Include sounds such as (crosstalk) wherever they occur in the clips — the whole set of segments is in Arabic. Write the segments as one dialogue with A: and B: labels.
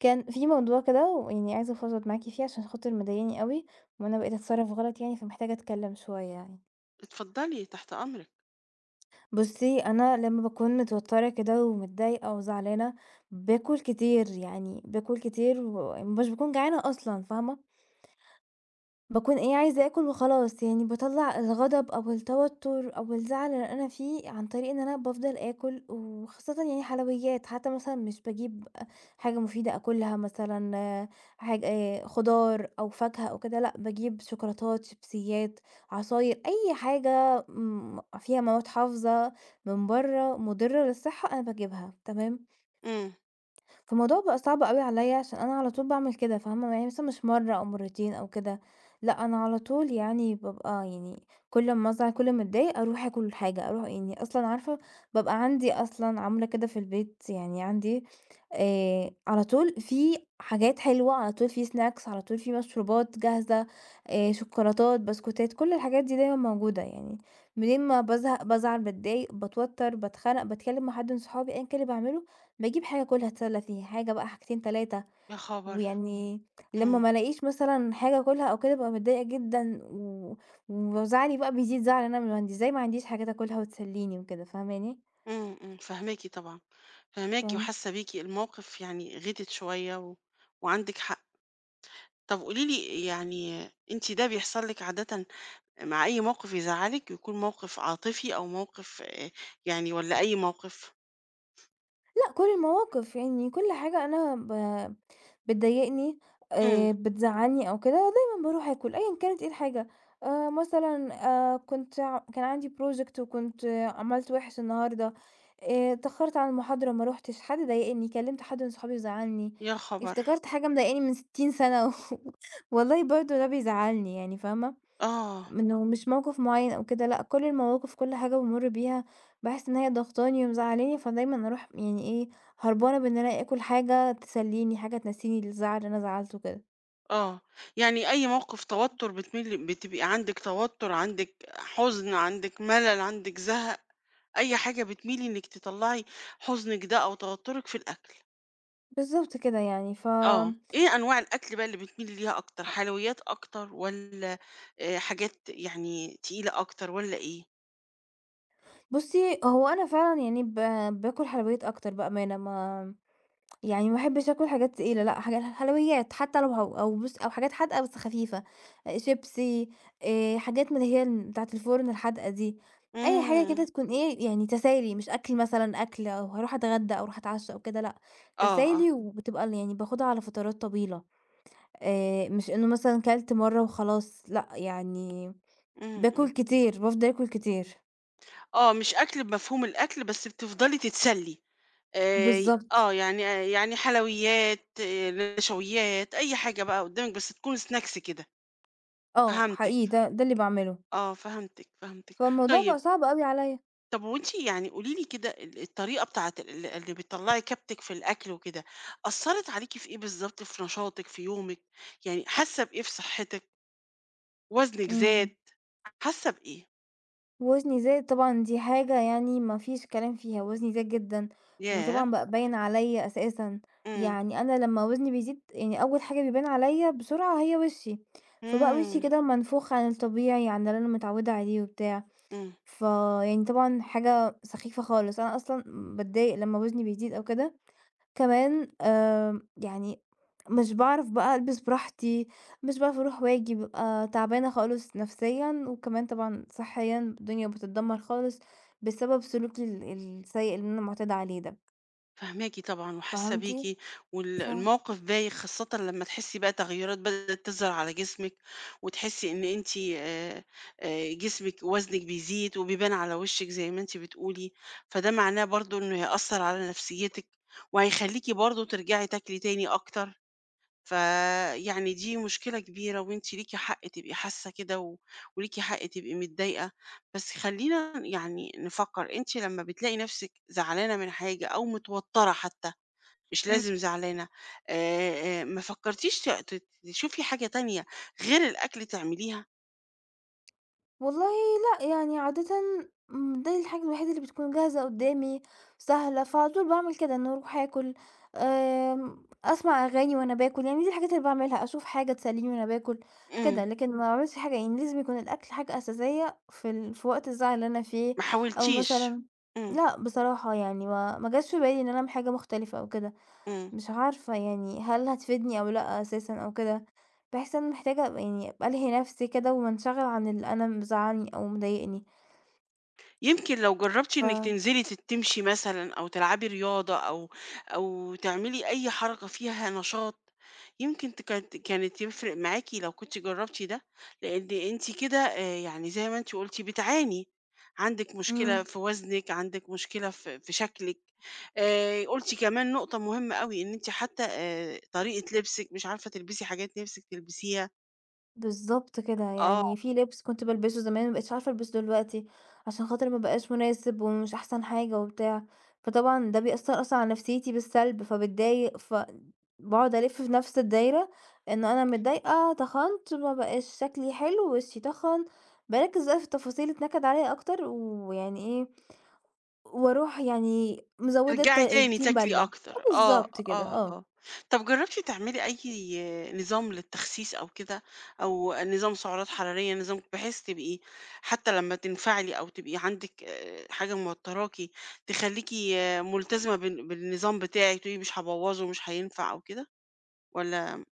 A: كان في موضوع كده ويعني عايزة أفضفض معاكِ فيه عشان خاطر مضايقني أوي، وأنا بقيت أتصرّف غلط يعني، فمحتاجة أتكلم شوية يعني.
B: اتفضلي، تحت أمرِك.
A: بُصّي، أنا لمّا باكون متوترة كده، ومتضايقة وزعلانة، باكل كتير، يعني باكل كتير ومش باكون جعانة أصلًا، فاهمة؟ باكون إيه عايزة آكُل وخلاص يعني باطَلّع الغضب أو التوتر أو الزعل اللي أنا فيه، عن طريق إن أنا بافضل آكل، وخاصةً يعني حلويات، حتى مثلًا مش باجيب أ حاجة مفيدة آكُلها مثلًا حاجة خُضار أو فاكهة أو كده، لأ باجيب شوكولاتات، شيبسيات، عصاير، أي حاجة، امم فيها مواد حافظة، من برّه مُضرّة للصحة أنا باجيبها، تمام؟
B: امم.
A: فالموضوع بقى صعب أوي عليَّ عشان أنا على طول باعمل كده فاهمة، يعني مش مرّة أو مرتين أو كده، لأ أنا على طول يعني بابقى يعني كل أمّا أزعل، كل أمّا أتضايق، أرُوح آكُل حاجة أرُوح يعني أصلًا عارفة بابقى عندي أصلًا عاملة كده في البيت يعني عندي آآ، على طول في حاجات حلوة، على طول في snacks، على طول في مشروبات جاهزة، آآ، شوكولاتات، بسكوتات، كُلّ الحاجات دي دايمًا موجودة، يعني منين ما بازهق، بازعل، باتضايق، باتوتر، باتخنق باتكلم مع حد من صحابي أيًا كان اللي باعملُه، باجيب حاجة آكُلها أتسلّى فيها، حاجة بقى حاجتين 3
B: يا خبر!
A: ويعني لمّا
B: امم.
A: ما ألاقيش مثلًا حاجة آكُلها أو كده، بابقى متضايقة جدًا، و وزعلي بقى بيزيد زعل إن أنا من إزاي ما عنديش حاجات آكُلها وتسلّيني وكده، فاهماني؟
B: امم، امم، فاهماكِ طبعًا، فاهماكِ
A: (unintelligible)
B: وحاسة بيكِ، الموقف يعني غِتت شوية و وعندِك حق، طَب قولي لي يعني أنتِ ده بيحصل لِك عادةً مع أي موقف يزعّلِك يكون موقف عاطفي أو موقف يعني والَّا أي موقف؟
A: لأ، كل المواقف يعني كل حاجة أنا ب بتضايقني
B: إمم.
A: آآ، بتزعلني أو كده، دايمًا باروح آكُل أيًا كانت إيه الحاجة آآ، مثلًا آآ كنت كان عندي project وكنت عملت وِحِش النهاردة آآ، اتأخرت على المحاضرة ما رُحتش حد ضايقني كلمت حد من صحابي وزعلني.
B: يا خبر.
A: افتكرت حاجة مضايقاني من 60 سنة و (chuckles) والله برضه ده بيزعلني يعني فاهمة؟
B: آه.
A: منه مش موقف معين أو كده لأ كل المواقف كل حاجة بامُر بيها باحس إن هي ضاغطاني ومزعلاني، فدايمًا أروح يعني إيه هربانة بإن أنا آكُل حاجة تسلِّيني حاجة تنسيني الزعل اللي أنا زعلته وكده.
B: آه، يعني أي موقف توتر بتميلي بتبقى عندِك توتر عندِك حزن عندِك ملل عندِك زهق، أي حاجة بتميلي إنك تطلعي حزنِك ده أو توترِك في الأكل.
A: بالضبط كده يعني، ف
B: آه، إيه أنواع الأكل بقى اللي بتميلي ليها أكتر حلويات أكتر والّا آآ، حاجات يعني تقيلة أكتر والّا إيه؟
A: بُصي، هو أنا فعلًا يعني ب باكُل حلويات أكتر بأمانة ما يعني ما احبش أكُل حاجات تقيلة لأ حاجات حلويات حتى لو هو أو بُصي أو حاجات حادقة بس خفيفة، شيبسي آآ، حاجات من اللي هي بتاعة الفُرن الحادقة دي، أي حاجة
B: إمم.
A: كده تكون إيه يعني تسالي مش أكل مثلًا أكل أو هاروح اتغدى أو هاروح أتعشى أو كده، لأ
B: آه، آه.
A: تسالي وبتبقى يعني باخدها على فترات طويلة آآ، مش إنه مثلًا كَلَت مرة وخلاص، لأ يعني
B: إمم،
A: باكُل
B: إمم.
A: كتير، بافضل أكُل كتير.
B: آه، مش أكل بمفهوم الأكل بس بتفضلي تتسلي آآ،
A: بالضبط.
B: آه، يعني يعني حلويات، نشويات، أي حاجة بقى قدامِك بس تكون Snacks كده،
A: آه،
B: فهمتِك،
A: حقيقي، ده ده اللي باعمله.
B: آه فهمتِك، فهمتِك،
A: فالموضوع بقى
B: طيب
A: صعب أوي عليّا.
B: طب هو أنتِ يعني قولي لي كده ال الطريقة بتاعة ال اللي بتطلّعي كبتِك في الأكل وكده، أثرت عليكِ في إيه بالضبط في نشاطِك في يومِك، يعني حاسة بإيه في صحتِك؟ وزنِك زاد،
A: إمم.
B: حاسة بإيه؟
A: وزني زاد طبعًا، دي حاجة يعني ما فيش كلام فيها، وزني زاد جدًا،
B: ياه!
A: وطبعًا بقى باين عليّا أساسًا،
B: إمم.
A: يعني أنا لمّا وزني بيزيد يعني أول حاجة بيبان عليّا بسرعة هي وشي، فبقى وشي
B: إمم.
A: كده منفوخ عن الطبيعي عن اللي أنا متعودة عليه وبتاع،
B: إمم.
A: فيعني طبعًا حاجة سخيفة خالص، أنا أصلًا باتضايق لمّا وزني بيزيد أو كده، كمان آمم، يعني مش باعرف بقى ألبس براحتي مش باعرف أروح وآجي، ببقى تعبانة خالص نفسيًا وكمان طبعًا صِحيًا الدنيا بتتدمر خالص، بسبب سلوكي ال السيء اللي أنا معتادة عليه ده.
B: فاهماكِ طبعًا، وحاسة
A: فهمتِ؟
B: بيكِ، وال
A: فا
B: الموقِف بايخ خاصةً لمّا تحسي بقى تغييرات بدأت تظهر على جسمِك، وتحسي إن أنتِ آآ آآ، جسمِك وزنِك بيزيد وبيبان على وشِك زي ما أنتِ بتقولي، فده معناه برضه إنه هيأثر على نفسيتِك، وهيخليكِ برضه ترجعي تاكلي تاني أكتر، فيعني دي مشكلة كبيرة وأنتِ ليكِ حق تبقي حاسة كده، و وليكِ حق تبقي متضايقة، بس خلينا يعني نفكر أنتِ لمّا بتلاقي نفسِك زعلانة من حاجة أو متوترة حتى مش
A: إمم.
B: لازم زعلانة آآ، ما فكرتيش ت تشوفي حاجة تانية غير الأكل تعمليها؟
A: والله لأ، يعني عادةً دي الحاجة الوحيدة اللي بتكون جاهزة قدَّامي سهلة، فعلى طول باعمِل كده إني أروح آكل آمم، أسمع أغاني وأنا باكل، يعني دي الحاجات اللي باعملها أشوف حاجة تسلِّيني وأنا باكل
B: إمم.
A: كده، لكن ما باعملش حاجة يعني لازم يكون الأكل حاجة أساسية في ال في وقت الزعل اللي أنا فيه
B: ما
A: أو
B: حاولتيش،
A: مثلًا
B: إمم.
A: لأ بصراحة يعني ما ما جاش في بالي إن أنا اعمِل حاجة مختلفة أو كده
B: إمم.
A: مش عارفة يعني هل هتفيدني أو لأ أساسًا أو كده، باحس إن أنا محتاجة يعني ألهي نفسي كده وانشغل عن اللي أنا مزعلني أو مضايقني.
B: يمكن لو جربتِ إنِك
A: ف
B: تنزلي تت تمشي مثلًا أو تلعبي رياضة أو أو تعملي أي حركة فيها نشاط، يمكن تك كانت يفرق معاكِ لو كنتِ جربتِ ده، لإن أنتِ كده آآ، يعني زي ما أنتِ قلتِ بتعاني، عندٍك مشكلة
A: إمم.
B: في وزنِك عندِك مشكلة في في شكلِك آآ، قلتِ كمان نقطة مهمة أوي إن أنتِ حتى آآ، طريقة لبسِك مش عارفة تلبسي حاجات نفسِك تلبسيها.
A: بالضبط كده،
B: آه.
A: يعني في لِبس كنت بالبِسُه زمان ما بقِيتش عارفة ألبسُه دلوقتي، عشان خاطر ما بقاش مناسب ومش أحسن حاجة وبتاع، فطبعًا ده بيأثّر أصلًا على نفسيتي بالسَلب فباتضايق فأ باقعد ألِفّ في نفس الدايرة، إنه أنا متضايقة تَخَنت ما بقاش شكلي حلو، وشي تَخَن بارَكِّز بقى في التفاصيل اللي تنَكِّد عليَّ أكتر، ويعني إيه، وأرُوح يعني مزوِّدة الطَ
B: ترجعي تاني
A: الطين
B: تاكلي
A: بَلّة، أه
B: أكتر، آه،
A: بالضبط كده،
B: آه،
A: آه.
B: آه طَب جرّبتِ تعملي أي نظام للتخسيس أو كده؟ أو نظام سُعرات حرارية، نظام بحيث تبقي حتى لمّا تنفعلي أو تبقى عندِك آآ، حاجة موتراكِ، تخليكِ ملتزمة بال بالنظام بتاعِك، وتقولي مش هابوّظُه مش هينفع أو كده؟ والَّا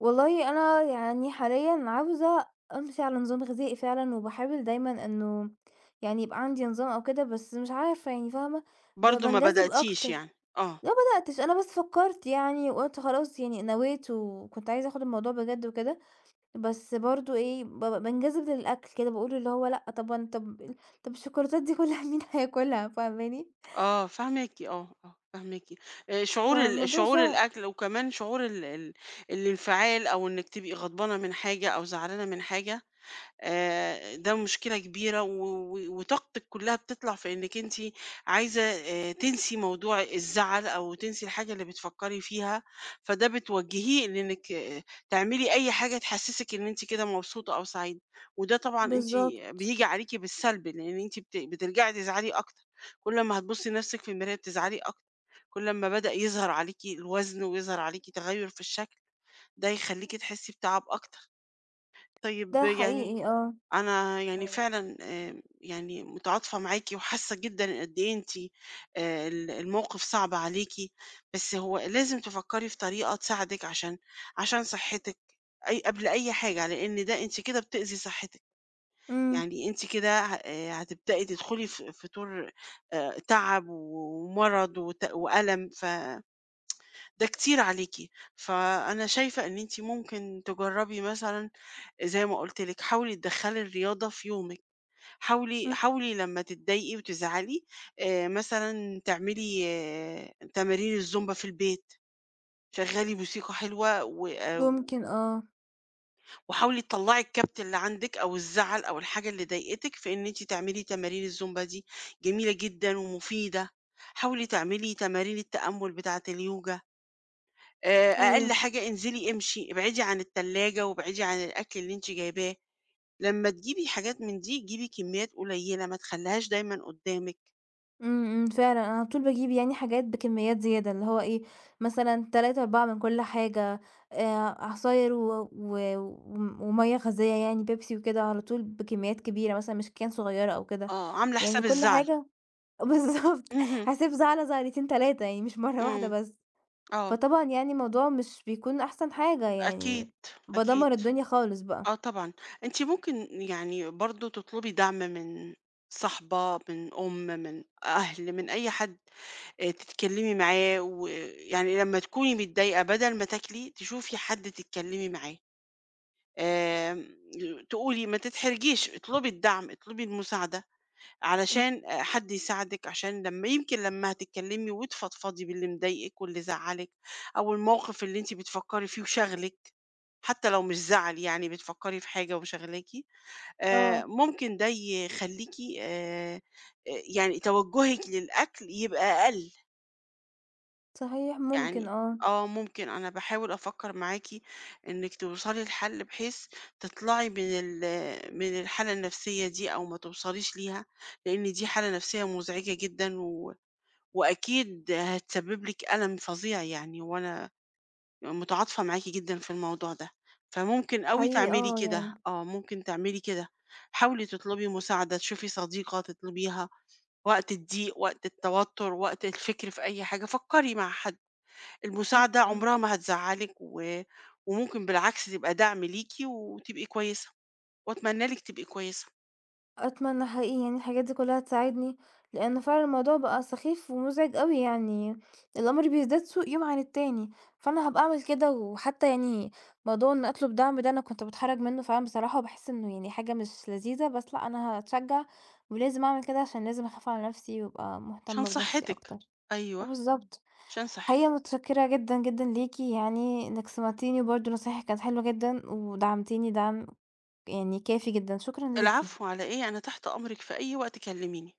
A: والله أنا يعني حاليًا عاوزة أمشي على نظام غذائي فعلًا، وباحاول دايمًا إنه يعني يبقى عندي نظام أو كده، بس مش عارفة يعني فاهمة، ب
B: برضه ما
A: بانجذِب
B: بدأتيش
A: أكتر،
B: يعني؟ آه.
A: ما بدأتش أنا بس فكّرت يعني وقُلت خلاص يعني نويت وكنت عايزة آخد الموضوع بجد وكده، بس برضه إيه بابقى بانجذب للأكل كده، باقول اللي هو لأ طَب وأنا طَب ال طَب الشوكولاتات دي كُلّها مين هياكُلها؟ فاهماني؟
B: آه فاهماكِ، آه، آه فاهماكِ، آآ شعور ال
A: فالموضوع
B: شعور
A: صِعِب.
B: الأكل وكمان شعور ال ال الانفعال أو إنِّك تبقي غضبانة من حاجة، أو زعلانة من حاجة آآ، ده مشكلة كبيرة و وطاقتثك كُلّها بتطلع في إنِّك أنتِ عايزة تنسي موضوع الزعل، أو تنسي الحاجة اللي بتفكّري فيها فدَه بتوجّهيه بإنِّك تعملي أي حاجة تحسِّسِك إن أنتِ كده مبسوطة أو سعيدة، وده طبعًا أنتِ
A: بالضبط.
B: بييجي عليكِ بالسَلْب لأن أنتِ بت بترجعي تزعلي أكتر، كل أمّا هتبُصّي لنَفسِك في المراية بتزعلي أكتر، كُلّ أما بدأ يظهر عليكِ الوزن ويظهر عليكِ تغيُّر في الشكل، ده هيخليكِ تحسّي بتَعَب أكتر، طيب
A: ده
B: يعني
A: حقيقي، آه،
B: أنا يعني
A: آه.
B: فعلًا آآ، يعني متعاطفة معاكِ وحاسة جدًا قد إيه أنتِ آآ، ال الموقف صَعب عليكِ، بس هو لازم تفكّري في طريقة تساعدِك عشان عشان صحِّتِك أي قبل أي حاجة، لأن ده أنتِ كده بتؤذي صحِّتِك،
A: امم.
B: يعني أنتِ كده ه هتبدئي تدخلي ف في دور آآ، تَعَب ومَرَض وت وأَلَم، ف (tsk) ده كتير عليكِ فأنا شايفة إن أنتِ ممكن تجربي مثلًا زي ما قلت لِك، حاولي تدخّلي الرياضة في يومِك حاولي
A: امم.
B: حاولي لمّا تتضايقي وتزعلي آآ، مثلًا تعملي تمارين الزومبا في البيت، شغّلي موسيقى حلوة، وآآ، و
A: ممكن، آه.
B: وحاولي تطلعي الكبت اللي عندِك أو الزعل أو الحاجة اللي ضايقتك، في إن أنتِ تعملي تمارين الزومبا دي جميلة جدًا ومفيدة. حاولي تعملي تمارين التأمل بتاعة اليوجا. آآ، أقل
A: أيوه.
B: حاجة انزلي امشي ابعدي عن التلاجة وابعدي عن الأكل اللي أنتِ جايباه، لما تجيبي حاجات من دي جيبي كميات قليلة ما تخليهاش دايمًا قدامِك.
A: إمم، إمم، فعلًا أنا على طول باجيب يعني حاجات بكميات زيادة، اللي هو إيه مثلًا 3 4 من كل حاجة آآ عصاير و و ومَيَّة غازية يعني بيبسي وكده على طول بكميات كبيرة، مثلًا مش cane صغيرة أو كده
B: آه، عاملة
A: يعني
B: حساب
A: كل
B: الزعل.
A: حاجة بالضبط
B: اهم.
A: حسب زعلة زعلتين 3 يعني مش مرة واحدة
B: امم،
A: بس.
B: آه
A: فطبعًا يعني الموضوع مش بيكون أحسن حاجة
B: أكيد،
A: يعني
B: أكيد،
A: بادمر الدنيا خالص بقى.
B: آه طبعًا، أنتِ ممكن يعني برضه تطلبي دعم من صاحبة، من أم، من أهل، من أي حد آآ، تتكلمي معاه ويعني لمّا تكوني متضايقة بدل ما تاكلي، تشوفي حد تتكلمي معاه. آآ، تقولي ما تتحرجيش اطلبي الدعم اطلبي المساعدة،
A: إمم.
B: علشان حد يساعدِك، عشان لما يمكن لما هتتكلمي وتفضفضي باللي مضايقِك واللي زعلِّك أو الموقف اللي أنتِ بتفكري فيه وشاغلِك، حتى لو مش زعل يعني بتفكري في حاجة وشغلاكِ آآ،
A: آه.
B: ممكن دي يخليكِ آآ، يعني توجهِك للأكل يبقى أقل.
A: صحيح، ممكن،
B: يعني
A: آه.
B: آه، ممكن أنا باحاول أفكر معاكِ، إنك توصلي لحل بحيث تطلعي من ال من الحالة النفسية دي أو ما توصليش ليها، لأن دي حالة نفسية مزعجة جدًا، و وأكيد هتسبب لِك ألم فظيع يعني وأنا متعاطفة معاكِ جدًا في الموضوع ده، فممكن أوي
A: حقيقي
B: تعملي
A: آه،
B: كده،
A: يعني.
B: آه، ممكن تعملي كده حاولي تطلبي مساعدة، تشوفي صديقة تطلبيها وقت الضيق وقت التوتر وقت الفكر في أي حاجة فكري مع حد،
A: إمم،
B: المساعدة
A: إمم.
B: عمرها ما هتزعلِك، و وممكن بالعكس تبقى دعم ليكِ، وتبقي كويسة، وأتمنى لِك تبقى كويسة.
A: أتمنى حقيقي إن الحاجات دي كلها تساعدني، لأن فعلًا الموضوع بقى سخيف ومزعج أوي يعني، الأمر بيزداد سوء يوم عن التاني، فأنا هابقى أعمل كده وحتى يعني موضوع إن أطلب دعم ده أنا كنت باتحرج منه فعلًا بصراحة، باحس إنه يعني حاجة مش لذيذة، بس لا أنا هاتشجع ولازم أعمل كده عشان لازم أخاف على نفسي وأبقى
B: عشان
A: مهتمة بنفسي
B: صحتِك،
A: أكتر، آه
B: أيوه،
A: بالضبط،
B: عشان
A: حقيقي
B: صحتِك.
A: متشكرة جدًا، جدًا ليكِ يعني، إنِّك سمعتيني، برضه نصايحِك كانت حلوة جدًا، ودعمتيني دعم يعني كافي جدًا، شكرًا ليكِ.
B: العفو على إيه، أنا تحت أمرِك في أي وقت كلميني.